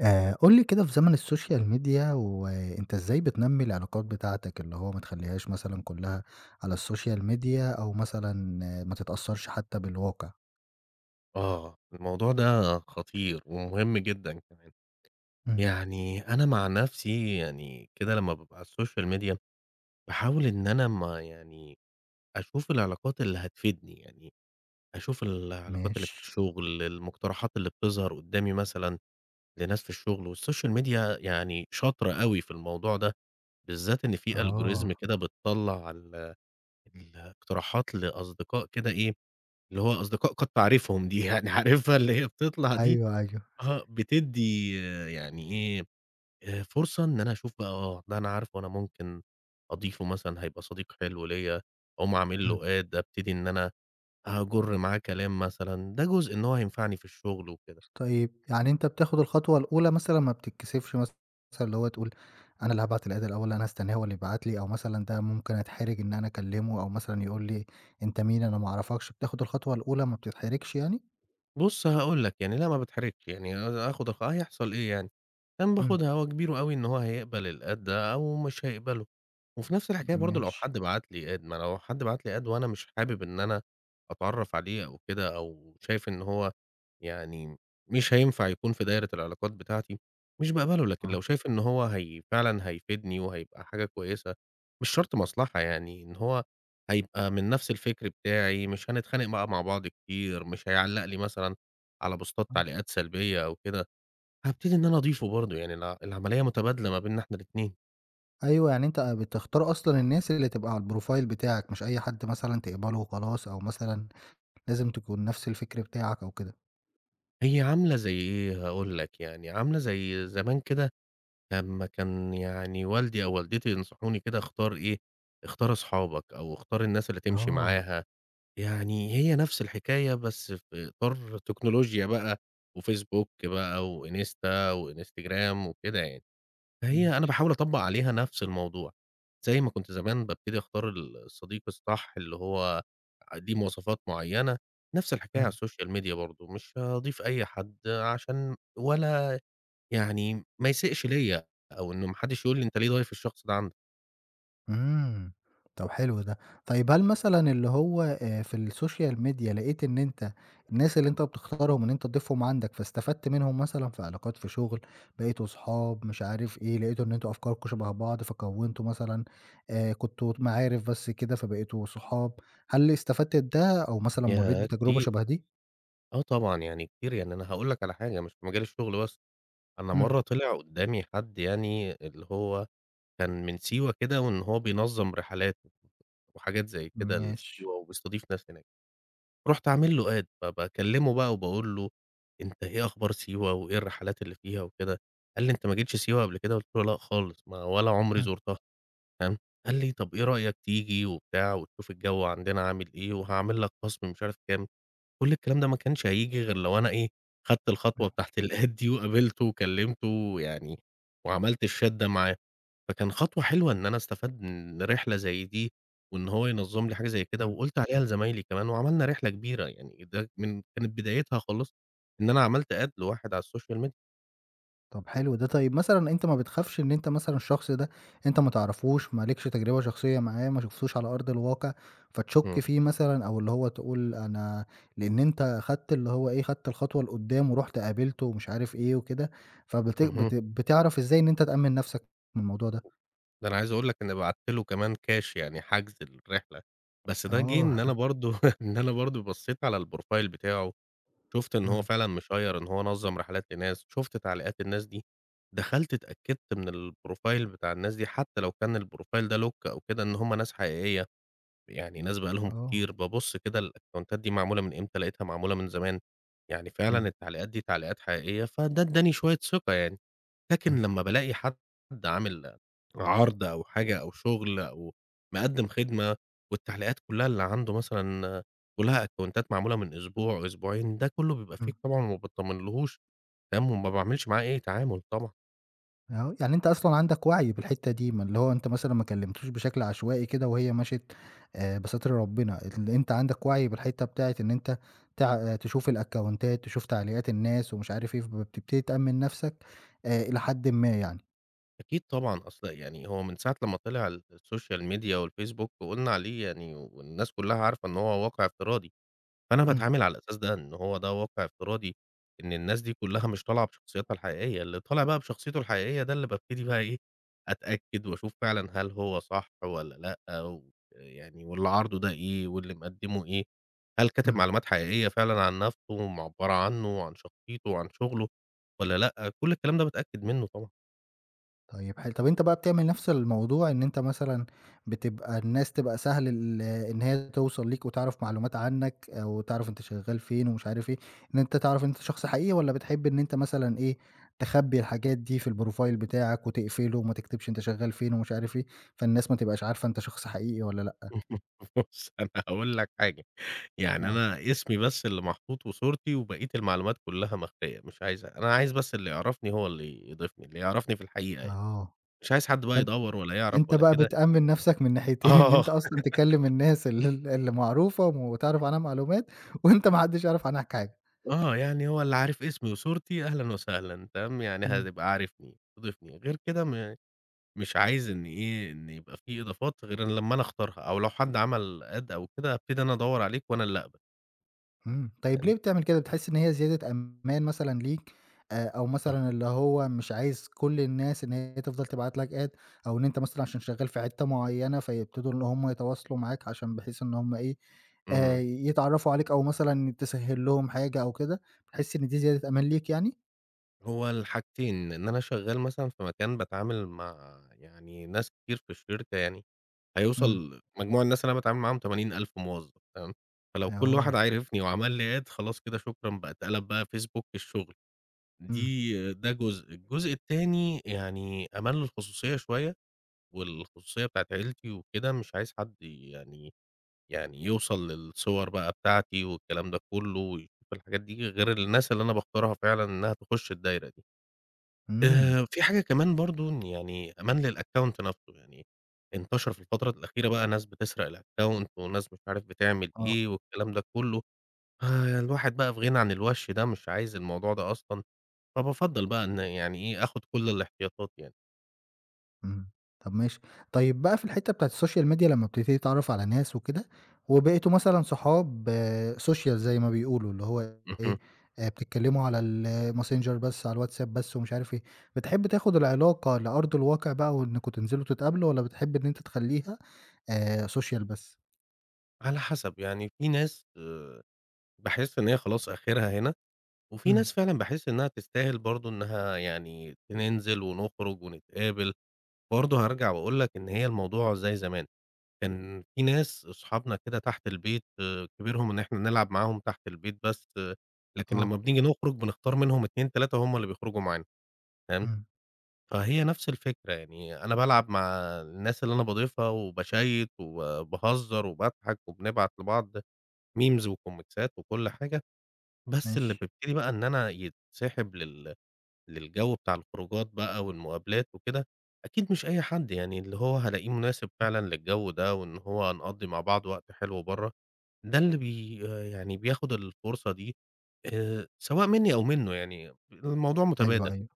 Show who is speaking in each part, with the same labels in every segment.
Speaker 1: آآ قُل لي كده، في زمن الsocial media، وأنت إزاي بتنمّي العلاقات بتاعتك؟ اللي هو ما تخليهاش مثلًاً كلها على الsocial media، أو مثلًا آآ ما تتأثرش حتى بالواقع.
Speaker 2: آه، الموضوع ده خطير ومهم جدًا كمان،
Speaker 1: إمم.
Speaker 2: يعني أنا مع نفسي يعني كده لمّا بابقى على الSocial Media، باحاول إن أنا ما يعني أشوف العلاقات اللي هتفيدني، يعني أشوف العلاقات اللي في
Speaker 1: ماشي.
Speaker 2: الشغل، المقترحات اللي بتظهر قدامي مثلًا لناس في الشغل، والSocial Media يعني شاطرة أوي في الموضوع ده، بالذات إن في Algorithm
Speaker 1: آه.
Speaker 2: كده بتطلّع ال الاقتراحات لأصدقاء كده إيه، اللي هو أصدقاء قد تعرفهم دي، يعني عارفها اللي هي بتطلع دي؟
Speaker 1: أيوه، أيوه.
Speaker 2: آه بتدّي يعني إيه آآ فرصة إن أنا أشوف بقى، آه ده أنا عارفه، أنا ممكن أضيفه مثلًا، هيبقى صديق حلو ليّا، أقوم عامل له
Speaker 1: إمم.
Speaker 2: Add، أبتدي إن أنا هاجُر معاه كلام مثلًا، ده جزء إن هو هينفعني في الشغل وكده.
Speaker 1: طيب يعني أنت بتاخد الخطوة الأولى مثلًاً، ما بتتكسفش مثلًا اللي هو تقول أنا اللي هابعت الadd الأول، أنا هاستناه هو اللي يبعت لي، أو مثلًا ده ممكن أتحرج إن أنا أكلمه، أو مثلًاً يقول لي أنت مين، أنا ما أعرفكش، بتاخد الخطوة الأولى، ما بتتحرجش يعني؟
Speaker 2: بُص هاقول لك، يعني لا ما بتحرجش يعني آآ آخد الخ هيحصل إيه يعني؟ يعني
Speaker 1: إمم.
Speaker 2: باخدها هو كبيره أوي إن هو هيقبل الAdd ده أو مش هيقبله، وفي نفس الحكاية برضو، لو
Speaker 1: ماشي.
Speaker 2: حد بعت لي Add، ما لو حد بعت لي Add وأنا مش حابب إن أنا أتعرّف عليه، أو كده، أو شايف إن هو يعني مش هينفع يكون في دايرة العلاقات بتاعتي، مش باقبله، لكن
Speaker 1: آه.
Speaker 2: لو شايف إن هو هي فعلًا هيفيدني، وهيبقى حاجة كويسة، مش شرط مصلحة يعني، إن هو هيبقى من نفس الفكر بتاعي، مش هنتخانق بقى مع بعض كتير، مش هيعلق لي مثلًا على بوستات
Speaker 1: امم.
Speaker 2: تعليقات سلبية أو كده، هابتدي إن أنا أضيفه برضو، يعني الع العملية متبادلة ما بيننا إحنا الاتنين.
Speaker 1: أيوه، يعني أنت بتختار أصلًا الناس اللي تبقى على الprofile بتاعك، مش أي حد مثلًا تقبله وخلاص، أو مثلًا لازم تكون نفس الفكر بتاعك أو كده.
Speaker 2: هي عاملة زي إيه، هاقول لك يعني، عاملة زي زمان كده لمّا كان يعني والدي أو والدتي ينصحوني كده اختار إيه، اختار أصحابك أو اختار الناس اللي تمشي
Speaker 1: آه.
Speaker 2: معاها، يعني هي نفس الحكاية بس في إطار تكنولوجيا بقى، وFacebook بقى، وInsta وInstagram وكده يعني. هي أنا
Speaker 1: ماشي.
Speaker 2: باحاول أطبّق عليها نفس الموضوع، زي ما كنت زمان بابتدي أختار ال الصديق الصح اللي هو ليه مواصفات معينة، نفس الحكاية على
Speaker 1: امم.
Speaker 2: الSocial Media برضه، مش هاضيف أي حد عشان ولا يعني ما يسيئش ليّا، أو إنه ما حدش يقول لي أنت ليه ضايف الشخص ده عندك؟
Speaker 1: امم، طَب حلو ده. طيب هل مثلًا اللي هو آآ، في الsocial media لقيت إن أنت الناس اللي أنت بتختارهم إن أنت تضيفهم عندك فاستفدت منهم مثلًا في علاقات في شغل، بقيتوا أصحاب، مش عارف إيه، لقيتوا إن أنتم أفكاركم شبه بعض، فكوّنتوا مثلًا آآ، كنتم معارف بس كده فبقيتوا صحاب، هل استفدت بده أو مثلًا مرّيت
Speaker 2: ياه،
Speaker 1: بتجربة
Speaker 2: كتير،
Speaker 1: شبه دي؟
Speaker 2: آه طبعًا يعني كتير، يعني أنا هاقول لك على حاجة، مش في مجال الشغل بس، أنا
Speaker 1: امم.
Speaker 2: مرّه طلع قدّامي حد يعني اللي هو كان من سيوة كده، وإن هو بينظّم رحلات وحاجات زي كده
Speaker 1: ماشي.
Speaker 2: لسيوة وبيستضيف ناس هناك، رُحت عامل له Add، فباكلمه بقى وباقول له: "أنت إيه أخبار سيوة؟ وإيه الرحلات اللي فيها وكده؟" قال لي:"أنت ما جيتش سيوة قبل كده؟" قلت له: "لأ خالص، ما ولا عمري
Speaker 1: امم.
Speaker 2: زُرتها."، تمام، قال لي طَب إيه رأيك تيجي وبتاع وتشوف الجو عندنا عامل إيه وهاعمل لك خصم مش عارف كام. كُلّ الكلام ده ما كانش هييجي غير لو أنا إيه خدت
Speaker 1: امم.
Speaker 2: الخطوة بتاعة الAdd دي وقابلته وكلمته يعني، وعملت الchat ده معاه، فكان خطوة حلوة إن أنا استفدت من رحلة زي دي، وإن هو ينظّم لي حاجة زي كده،
Speaker 1: امم.
Speaker 2: وقُلت عليها لزمايلي كمان، وعملنا رحلة كبيرة يعني، ده من كانت بدايتها خالص إن أنا عملت Add لواحد على الSocial media.
Speaker 1: طّب حلو ده. طيب مثلًاً أنت ما بتخافش إن أنت مثلًاً الشخص ده أنت ما تعرفوش، ما لكش تجربة شخصية معاه، ما شفتوش على أرض الواقع، فتشك
Speaker 2: امم.
Speaker 1: فيه مثلًاً أو اللي هو تقول أنا لأن أنت خدت اللي هو إيه، خدت الخطوة لقدام ورُحت قابلته ومش عارف إيه وكده، فبت
Speaker 2: اهم.
Speaker 1: بت بتعرف إزاي إن أنت تأمن نفْسك من الموضوع ده؟
Speaker 2: ده أنا عايز أقول لك إني بعت له كمان Cash يعني حجز الرحلة، بس ده جه
Speaker 1: آه.
Speaker 2: إن أنا برضه، إن أنا برضه بصّيت على الProfile بتاعه، شُفت إن هو
Speaker 1: إمم.
Speaker 2: فعلًا مشيّر إن هو نظّم رحلات لناس، شُفت تعليقات الناس دي، دخلت اتأكدت من الProfile بتاع الناس دي، حتى لو كان الProfile ده lock أو كده، إن هُم ناس حقيقية، يعني ناس بقى لهم
Speaker 1: آه.
Speaker 2: كتير، ببُص كده الأكونتات دي معمولة من إمتى؟ لقيتها معمولة من زمان، يعني فعلًا
Speaker 1: إمم.
Speaker 2: التعليقات دي تعليقات حقيقية، فده ادّاني شوية ثقة يعني.
Speaker 1: إمم.
Speaker 2: لكن لمّا بالاقي حد، حد عامل عرض أو حاجة أو شغل أو مقدم خدمة، والتعليقات كلّها اللي عنده مثلًا كلّها أكونتات معمولة من أسبوع، أسبوعين، ده كلّه بيبقى Fake
Speaker 1: إمم.
Speaker 2: طبعًا وما باطمنلهوش، تمام، وما باعملش معاه أي تعامل طبعًا.
Speaker 1: [unintelligible] يعني أنت أصلًا عندك وَعْي بالحتّة دي، ما اللي هو أنت مثلًا ما كلِّمتوش بشكل عشوائي كده وهي مَشِت آآ بستر ربِّنا. اللي أنت عندك وَعْي بالحتّة بتاعة إن أنت تع تشوف الأكاونتات، تشوف تعليقات الناس ومش عارف إيه، فبتبتدي تأمِّن نَفْسك آآ إلى حدٍ ما يعني.
Speaker 2: أكيد طبعًا، أصل يعني هو من ساعة لمّا طِلِع الSocial Media والFacebook وقُلنا عليه يعني والناس كُلّها عارفة إن هو واقع افتراضي، فأنا
Speaker 1: إمم.
Speaker 2: باتعامل على الأساس ده، إن هو ده واقع فتراضي إن الناس دي كُلّها مش طالعة بشخصياتها الحقيقية، اللي طالع بقى بشخصيته الحقيقية ده اللي بابتدي بقى إيه، أتأكد وأشوف فعلًا هل هو صح والّا لأ ويعني واللي عارضه ده إيه واللي مِقَدِّمه إيه؟ هل كاتب
Speaker 1: إمم.
Speaker 2: معلومات حقيقية فعلًا عن نَفْسه ومعَبّرة عنّه وعن شخصيته وعن شُغله والّا لأ؟ كل الكلام ده باتأكد منّه طبعًا.
Speaker 1: طيب ح طَب أنت بقى بتعمل نَفْس الموضوع إن أنت مثلًاً بتبقى الناس تبقى سهل ال إن هي توصل ليك وتعرف معلومات عنّك أو تعرف أنت شغّال فين ومش عارف إيه، إن أنت تعرف أنت شخص حقيقي والّا بتحب إن أنت مثلًاً إيه، تخبّي الحاجات دي في الprofile بتاعك وتقفله وما تكتبش أنت شغّال فين ومش عارف إيه، فالناس ما تبقاش عارفة أنت شخص حقيقي والّا لأ؟
Speaker 2: بُص، أنا هاقول لك حاجة، يعني
Speaker 1: آه.
Speaker 2: أنا اسمي بس اللي محطوط وصورتي وبقية المعلومات كُلّها مخفية، مش عايزها، أنا عايز بس اللي يِعرفني هو اللي يضيفني، اللي يعرفني في الحقيقة يعني،
Speaker 1: آه.
Speaker 2: مش عايز حد بقى
Speaker 1: فان
Speaker 2: يدوّر ولا يِعرف
Speaker 1: أنت
Speaker 2: ولا
Speaker 1: بقى
Speaker 2: كده.
Speaker 1: بتأمِّن نَفْسَك من الناحيتين، إن
Speaker 2: آه.
Speaker 1: أنت أصلًا تكَلِّم الناس ال اللي معروفة وتعرف عنها معلومات، وأنت ما حدّش يعرف عنّك حاجة.
Speaker 2: آه، يعني هو اللي عارف اسمي وصورتي أهلًا وسهلًا، تمام، يعني
Speaker 1: إمم.
Speaker 2: هتبقى عارفني، ضيفني. غير كدة م مش عايز إن إيه، إن يبقى في إضافات غير لمّا أنا أختارها، أو لو حد عمل add أو كدة، أبتدي أنا أدوّر عليك وأنا اللي أقبل.
Speaker 1: امم. طيب ليه
Speaker 2: تمام.
Speaker 1: بتعمل كده؟ بتحس إن هي زيادة أمان مثلًا ليك آآ، أو
Speaker 2: آه.
Speaker 1: مثلًا اللي هو مش عايز كل الناس إن هي تفضل تبعت لك Add أو إن أنت مثلًا عشان شغال في حتّة معينة، فيبتدوا إن هُم يتواصلوا معاك عشان بحيث إن هُم إيه، آآ،
Speaker 2: امم.
Speaker 1: يتعرفوا عليك، أو مثلًا تسهّل لهم حاجة أو كده، بتحس إن دي زيادة أمان ليك يعني؟
Speaker 2: هو الحاجتين، إن أنا شغال مثلًا في مكان باتعامل مع يعني، ناس كتير في الشركة يعني،
Speaker 1: امم.
Speaker 2: هيوصل مجموع الناس اللي أنا باتعامل معاهم 80,000 موظف، تمام، فلو كل واحد
Speaker 1: آه.
Speaker 2: عرفني وعمل لي Add خلاص كدة شكرًا بقى اتقلب بقى Facebook الشغل.
Speaker 1: امم.
Speaker 2: دي ده جزء، الجزء التاني يعني، أمان للخصوصية شوية، والخصوصية بتاعة عيلتي وكدة، مش عايز حد يعني يعني يوصل للصور بقى بتاعتي والكلام ده كله، ويشوف الحاجات دي، غير الناس اللي أنا باختارها فعلًا إنها تخش الدايرة دي.
Speaker 1: امم.
Speaker 2: آآ، في حاجة كمان برضو إن يعني أمان للAccount نفْسه، يعني انتشر في الفترة الأخيرة بقى ناس بتسرق الAccount وناس مش عارف بتعمل
Speaker 1: آه.
Speaker 2: إيه والكلام ده كله، آآ، الواحد بقى في غنى عن الوَش ده، مش عايز الموضوع ده أصلًا، فبافضّل بقى إن يعني إيه، آخد كل الاحتياطات يعني.
Speaker 1: إمم، طَب ماشي. طيب بقى في الحِتّة بتاعة الSocial Media لما بتبتدي تتعرَّف على ناس وكده، وبقيتوا مثلًا صحاب آآ social زي ما بيقولوا، اللي هو إيه
Speaker 2: اهم.
Speaker 1: آآ، بتتكلّموا على الMessenger بس، على الWhatsApp بس ومش عارف إيه، بتحب تاخُد العلاقة لأرض الواقِع بقى وإنكم تنزِلوا تتقابلوا، والّا بتحب إن أنت تخلّيها آآ social بس؟
Speaker 2: على حسَب، يعني في ناس آآ باحس إن هي خلاص آخِرها هنا، وفي
Speaker 1: إمم.
Speaker 2: ناس فعلًا باحس إنها تستاهل برضه إنها يعني ننزِل ونخرُج ونتقابل، برضه هارجَع وأقول لك إن هي الموضوع زي زمان، كان في ناس صحابنا كدة تحت البيت آآ كبيرهم إن إحنا نلعب معاهم تحت البيت بس آآ، لكن لما
Speaker 1: آه.
Speaker 2: بنيجي نخرُج بنختار منهم 2، 3 هُم اللي بيخرُجوا معانا، فاهم،
Speaker 1: إمم.
Speaker 2: فهي نَفْس الفكرة، يعني أنا بالعب مع الناس اللي أنا باضيفها وباشيّت وبا وباهزّر وباضحَك وبنبعت لبعض memes وكوميكسات وكلّ حاجة. بس اللي
Speaker 1: ماشي.
Speaker 2: بيبتدي بقى إن أنا يتسحِب لل للجو بتاع الخروجات بَقى والمقابلات وكده، أكيد مش أي حد يعني، اللي هو هالاقيه مناسب فعلًا للجو ده، وإن هو هنقضّي مع بعض وقت حلو برّه، ده اللي بي يعني، بياخد الفرصة دي آآ، سواء منّي أو منُّه، يعني، الموضوع
Speaker 1: أيوه،
Speaker 2: مُتَبادل.
Speaker 1: أيوه.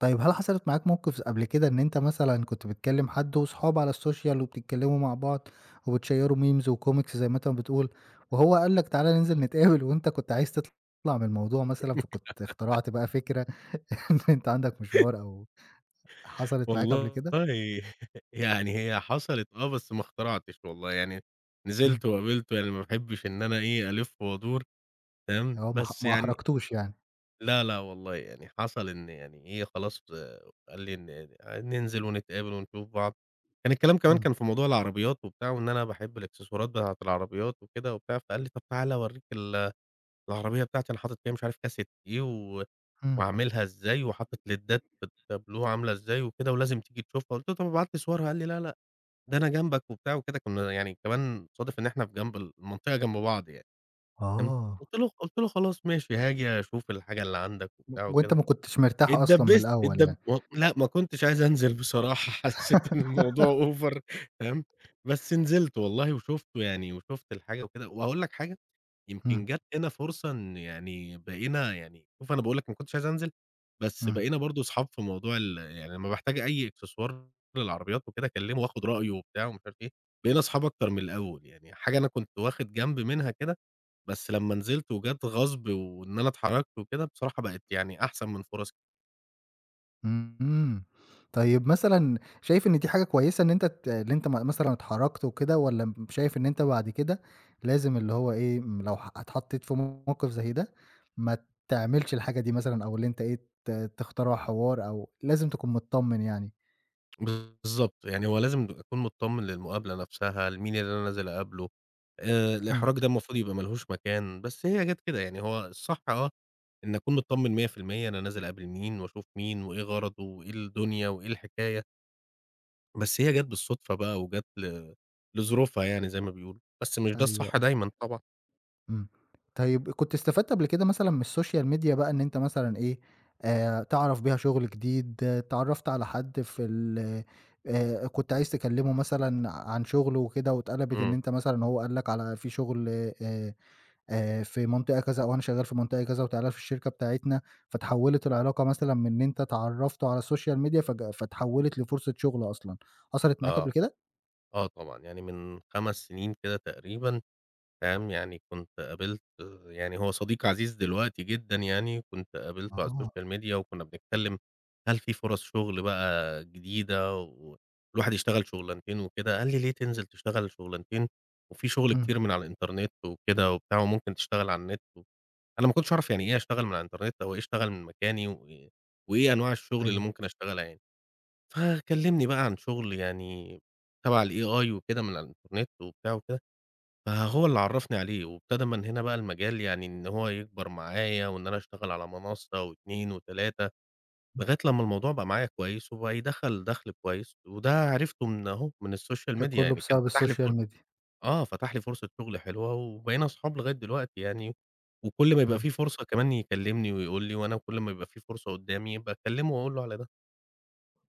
Speaker 1: طيب، هل حصلِت معاك موقِف س قبْل كده إن أنت مثلًا كنت بتكلِّم حَد وصحاب على الSocial وبتتكلّموا مع بعض وبتشيروا memes وcomics زي ما أنت ما بتقول، وهو قال لك تعالى ننزِل نتقابل وأنت كنت عايز تِطلَع من الموضوع مثلًا، فكنت اخترعت بقى فكرة إن أنت عندك مشوار أو حصلِت معاك قبل
Speaker 2: والله
Speaker 1: كده؟
Speaker 2: يعني هي حصَلِت آه بس ما اخترعتش والله، يعني،
Speaker 1: إمم.
Speaker 2: نزِلت وقابلته يعني ما باحبش إن أنا إيه، ألِف وأدُور. فاهم،
Speaker 1: آه، ما أح
Speaker 2: بس
Speaker 1: ما
Speaker 2: يعني
Speaker 1: أحرجتوش يعني.
Speaker 2: لا، لا والله، يعني حصَل إن يعني إيه، خلاص آآ قال لي إن ننزِل ونتقابل ونشوف بعض، كان الكلام كمان
Speaker 1: إمم.
Speaker 2: كان في موضوع العربيّات وبتاع وإن أنا باحب الإكسسوارات بتاعة العربيات وكدة وبتاع، فقال لي طَب تعالى أورّيك ال العربية بتاعتي، أنا حاطط فيها مش عارف كاسيت إيه و
Speaker 1: إمم.
Speaker 2: وعاملها إزاي، وحاطط ليدّات في التابلوه عاملة إزاي وكده، ولازم تيجي تشوفها، قُلت له: "طَب ابعت لي صورها." قال لي: "لا، لأ، ده أنا جنبك" وبتاع وكده، كُنا يعني كمان صادف إن إحنا جنب ال منطقة جنب بعض يعني، فاهم،
Speaker 1: آه.
Speaker 2: قُلت له خ قُلت له: "خلاص ماشي، هاجي أشوف الحاجة اللي عندك"
Speaker 1: و
Speaker 2: وبتاع
Speaker 1: وأنت
Speaker 2: وكده
Speaker 1: ما كنتش مرتاح أصلًا من
Speaker 2: اتدبّست،
Speaker 1: الأول
Speaker 2: اتدب
Speaker 1: يعني.
Speaker 2: و لأ، ما كنتش عايز أنزِل بصراحة، حسّيت إن الموضوع over تمام، بس نزِلت والله وشُفته يعني وشُفت الحاجة وكده وهاقول لك حاجة، يمكن
Speaker 1: إمم.
Speaker 2: جَات هنا فرصة إن يعني بقينا يعني شوف أنا باقول لك ما كنتش عايز أنزِل، بس
Speaker 1: إمم.
Speaker 2: بقينا برضه صحاب في موضوع ال يعني، لمّا باحتاج أي إكسسوار للعربيات وكده أكلّمه وآخُد رأيه وبتاع ومش عارف إيه، بقينا صحاب أكتر من الأول، يعني حاجة أنا كنت واخِد جنب منها كده، بس لمّا نزِلت وجات غصب، وإن أنا اتحرَجت وكده، بصراحة بقِت، يعني، أحسن من فُرص
Speaker 1: اهم. اهم طيب مثلًا شايف إن دي حاجة كويسة إن أنت ت اللي أنت م مثلًا اتحرَّكت وكده والّا مب شايف إن أنت بعد كده لازم اللي هو إيه، لو ح اتحطّيت في موقِف زي ده ما تعملش الحاجة دي مثلًا أو اللي أنت إيه، ت تخترع حوار أو لازم تكون متطمّن يعني؟
Speaker 2: بالضبط، يعني هو لازم أكون متطمّن للمُقابلة نَفْسها، لمين اللي أنا نازل أقابله. آآ
Speaker 1: إمم.
Speaker 2: الإحراج ده المفروض يبقى مالهوش مكان، بس هي جات كده، يعني هو الصح آه، إن أكون متطمّن 100% أنا نازل أقابل مين وأشوف مين وإيه غرضه وإيه الدنيا وإيه الحكاية. بس هي جات بالصُدفة بقى وجات ل لظروفها يعني زي ما بيقولوا، بس مش ده
Speaker 1: أيوه،
Speaker 2: الصح
Speaker 1: أيوه.
Speaker 2: دايمًا طبعًا.
Speaker 1: إمم. طيب كنت استفدت قبل كده مثلًا من الSocial Media بقى إن أنت مثلًا إيه، آآ تعرف بيها شُغل جديد، اتعرَّفت على حد في ال آآ كنت عايز تكلِّمه مثلًا عن شُغله وكده واتقلَبِت إن
Speaker 2: إمم.
Speaker 1: أنت مثلًا هو قال لك على في شُغل آآ آآ في منطقة كذا وأنا شغّال في منطقة كذا وتعال في الشركة بتاعتنا، فاتحوّلت العلاقة مثلًا من إن أنت اتعرّفتوا على الSocial Media فج فاتحوّلت لفرصة شُغل أصلًا. حصلت معاك
Speaker 2: آه.
Speaker 1: قبل كده؟
Speaker 2: آه طبعًا، يعني من 5 سِنين كدة تقريبًا، فاهم، يعني كنت قابلت يعني هو صديق عزيز دلوقتي جدًا يعني كنت قابلته على
Speaker 1: آه.
Speaker 2: الSocial Media وكُنّا بنتكلِّم، "هل فيه فرص شُغل بقى جديدة و والواحد يشتغل شُغلانتين وكده." قال لي: "ليه تنزل تشتغل شُغلانتين وفيه شغل
Speaker 1: إمم.
Speaker 2: كتير من على الإنترنت وكده،" وبتاع، وممكن تشتغل على النت. أنا ما كنتش أعرف يعني إيه أشتغل من على الإنترنت أو إيه أشتغل من مكاني وإيه وإيه أنواع الشُغل اللي
Speaker 1: أيوه.
Speaker 2: ممكن أشتغلها يعني. فكلِّمني بقى عن شُغل يعني تَبَع ال AI وكده من على الإنترنت وبتاع وكده، فهو اللي عرفني عليه وابتدى من هنا بقى المجال يعني إن هو يكبر معايا وإن أنا أشتغل على منَصَّة و2 و3،
Speaker 1: إمم.
Speaker 2: لغاية لمّا الموضوع بقى معايا كويس وبقى يدخَّل دَخْل كويس وده عرفته من أهو، من الSocial
Speaker 1: ده
Speaker 2: Media،
Speaker 1: كُلّه
Speaker 2: يعني كان
Speaker 1: بسبب
Speaker 2: فتح لي ف
Speaker 1: الSocial Media.
Speaker 2: آه، فتح لي فُرصة شُغل حلوة وبقينا أصحاب لغاية دلوقتي يعني وكل ما يبقى
Speaker 1: إمم.
Speaker 2: فيه فرصة كمان يكلِّمني ويقول لي وأنا كل ما يبقى فيه فُرصة قُدّامي باكلِّمه وأقول له على ده.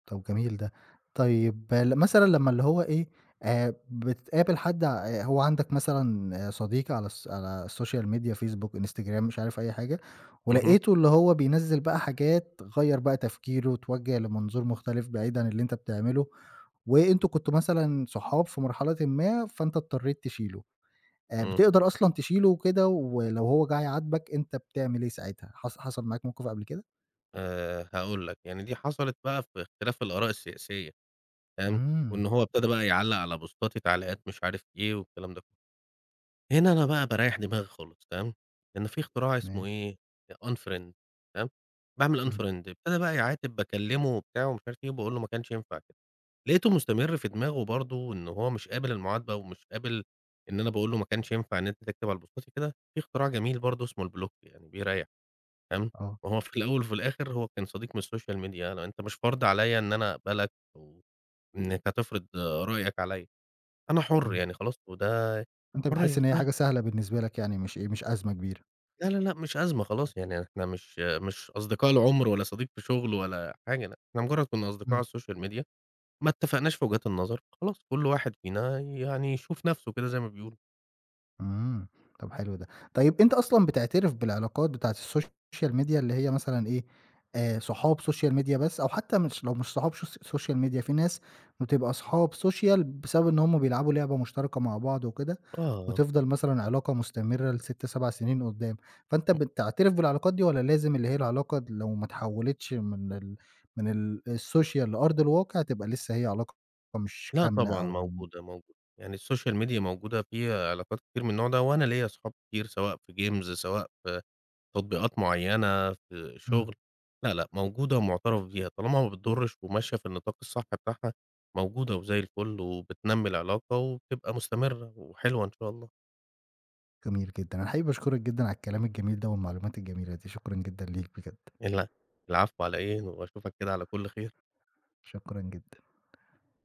Speaker 1: طَب جميل ده. طيب مثلًا لمّا اللي هو إيه، آآ، بتقابل حد ع آآ، هو عندك مثلًا صديق على الـص على Social Media Facebook، Instagram، مش عارف أي حاجة،
Speaker 2: اهم.
Speaker 1: ولقيته اللي هو بينزّل بقى حاجات غيّر بقى تفكيره اتوجه لمنظور مختلف، بعيدًا اللي أنت بتعمله، وأنتم كنتم مثلًا صحاب في مرحلة ما، فانت اضطريت تشيله. آآ،
Speaker 2: امم.
Speaker 1: بتقدر أصلًا تشيله وكده، ولو هو جه يعاتبك أنت بتعمل إيه ساعتها، حص حصل معاك موقف قبل كده؟
Speaker 2: آآ هاقول لك، يعني دي حصلت بقى في اختلاف الآراء السياسية، تمام،
Speaker 1: امم.
Speaker 2: وإن هو ابتدى بقى يعلّق على بوستاتي تعليقات مش عارف إيه والكلام ده كله. هنا أنا بقى باريح دماغي خالص، تمام، لأن في اختراع اسمه
Speaker 1: ماشي.
Speaker 2: إيه، Unfriend تمام، باعمل
Speaker 1: امم.
Speaker 2: Unfriend ابتدى بقى يعاتب باكلمه وبتاع ومش عارف إيه، وباقول له ما كانش ينفع كده، لقيته مستمر في دماغه برضو إن هو مش قابل المعاتبة ومش قابل إن أنا باقول له ما كانش ينفع إن أنت تكتب على بوستاتي كده، في اختراع جميل برضو اسمه الBlock يعني بيريّح، تمام؟
Speaker 1: آه.
Speaker 2: وهو في الأول وفي الآخر هو كان صديق من الSocial Media أنت مش فرض عليَّ إن أنا أقبلك أو إنك هتفرض رأيك عليَّ، أنا حر
Speaker 1: امم.
Speaker 2: يعني خلاص وده
Speaker 1: أنت بتحس
Speaker 2: حرية،
Speaker 1: إن هي
Speaker 2: فه
Speaker 1: حاجة سهلة بالنسبة لك، يعني مش إيه، مش أزمة كبيرة.
Speaker 2: لا لا لأ، مش أزمة خلاص يعني إحنا مش مش أصدقاء العمر ولا صديق في شغل ولا حاجة، إحنا مجرد كنا أصدقاء
Speaker 1: امم.
Speaker 2: على الSocial Media ما اتفقناش في وجهات النظر، خلاص كل واحد فينا يعني يشوف نفْسه كده زي ما بيقولوا.
Speaker 1: امم، طَب حلو ده. طيب أنت أصلًا بتعترف بالعلاقات بتاعة الSocial Media اللي هي مثلًا إيه، آآ، صحاب Social Media بس؟ أو حتى مش لو مش صحاب So Social Media فيه ناس بتبقى أصحاب Social بسبب إن هُم بيلعبوا لعبة مشتركة مع بعض وكده،
Speaker 2: آه.
Speaker 1: وتفضل مثلًا علاقة مستمرة ل6، 7 سنين قدام، فانت بتعترف بالعلاقات دي والَّا لازم اللي هي العلاقة لو ما تحولتش من ال من الSocial لأرض الواقع تبقى لسه هي علاقة مش
Speaker 2: لا
Speaker 1: كاملة
Speaker 2: طبعًا
Speaker 1: أو م
Speaker 2: موجودة، موجودة. يعني الSocial Media موجودة فيها علاقات كتير من النوع ده، وأنا ليَّ صحاب كتير سواء في Games سواء في تطبيقات معيّنة، في
Speaker 1: امم.
Speaker 2: شغل، لا لأ موجودة ومُعترَف بيها طالما ما بتضرش وماشية في النطاق الصح بتاعها، موجودة وزي الفل وبتنمي العلاقة وبتبقى مستمرة وحلوة إن شاء الله.
Speaker 1: جميل جدًا. أنا حقيقي باشكرك جدًا على الكلام الجميل ده والمعلومات الجميلة دي. شكرًا جدًا ليك بجد.
Speaker 2: ال العفو على إيه؟ وأشوفك كده على كل خير.
Speaker 1: شكرًا جدًا.